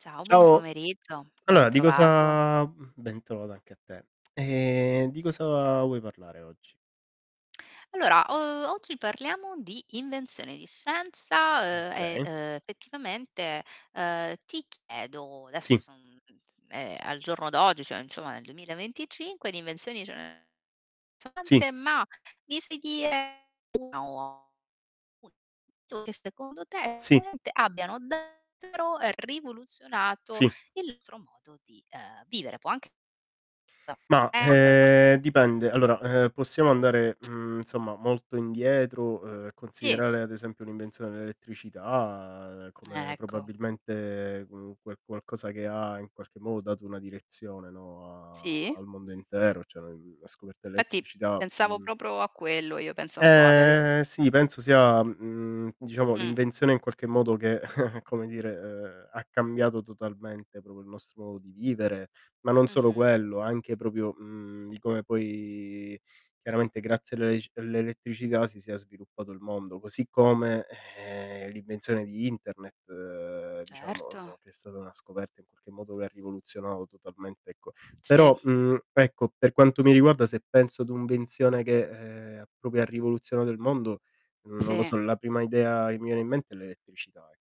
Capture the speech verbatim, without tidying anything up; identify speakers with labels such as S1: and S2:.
S1: Ciao, buon
S2: Ciao.
S1: pomeriggio,
S2: Allora di
S1: bentrovato.
S2: cosa mh, ben trovata anche a te. Ehm, di cosa vuoi parlare oggi?
S1: Allora, uhm, oggi parliamo di invenzioni, di scienza,
S2: Mh,
S1: uhm, e,
S2: kay.
S1: uhm, fettivamente, ehm, ti chiedo adesso
S2: Sì.
S1: son ehm, al giorno d'oggi, cioè insomma nel duemila e venticinque di invenzioni ce ne so'
S2: Sì.
S1: tante, ma mi sei dire [unintelligible] che secondo te
S2: Sì.
S1: [unintelligible] abbiano davvero ehm, rivoluzionato
S2: Sì.
S1: il nostro modo di, ehm, vivere. Può anch
S2: Mah,
S1: [unintelligible] non per forz
S2: ehm,
S1: [unintelligible]
S2: dipende. Allora, ehm, possiamo andare,
S1: [unintelligible]
S2: mhmm, insomma molto indietro, uhm,
S1: Sì.
S2: considerare ad esempio l'invenzione dell'elettricità come
S1: Ecco.
S2: probabilmente, mhmm, qual qualcosa che ha, in qualche modo, dato una direzione, no, a
S1: Sì.
S2: al mondo intero, cioè ne mhmm, la
S1: E
S2: scoperta
S1: infatti
S2: dell'elettricità,
S1: pensavo
S2: mhmm
S1: propro a quello io, penso un po' all'elet
S2: Eh sì, penso sia, mhmm, diciamo
S1: Mh.
S2: l'invenzione in qualche modo che, come dire, ehm, ha cambiato totalmente propio il nostro modo di vivere, ma non solo
S1: Mh-mh.
S2: quello, anche propio, mhmm, di come poi, chiaramente, grazie all'elesc all'elettricità si sia sviluppato il mondo. Così come, ehm, l'invenzione di Internet, uhm, diciamo,
S1: Certo.
S2: che è stata una scoperta in qualche modo che ha rivoluzionato totalmente, ecco
S1: Sì.
S2: però, mhmm, ecco, per quanto mi riguarda, se penso ad venzione che, ehm, ha propio ha rivoluzionato il mondo, mhmm, non lo
S1: Sì
S2: so, la prima idea che mi viene in mente è l'elettricità e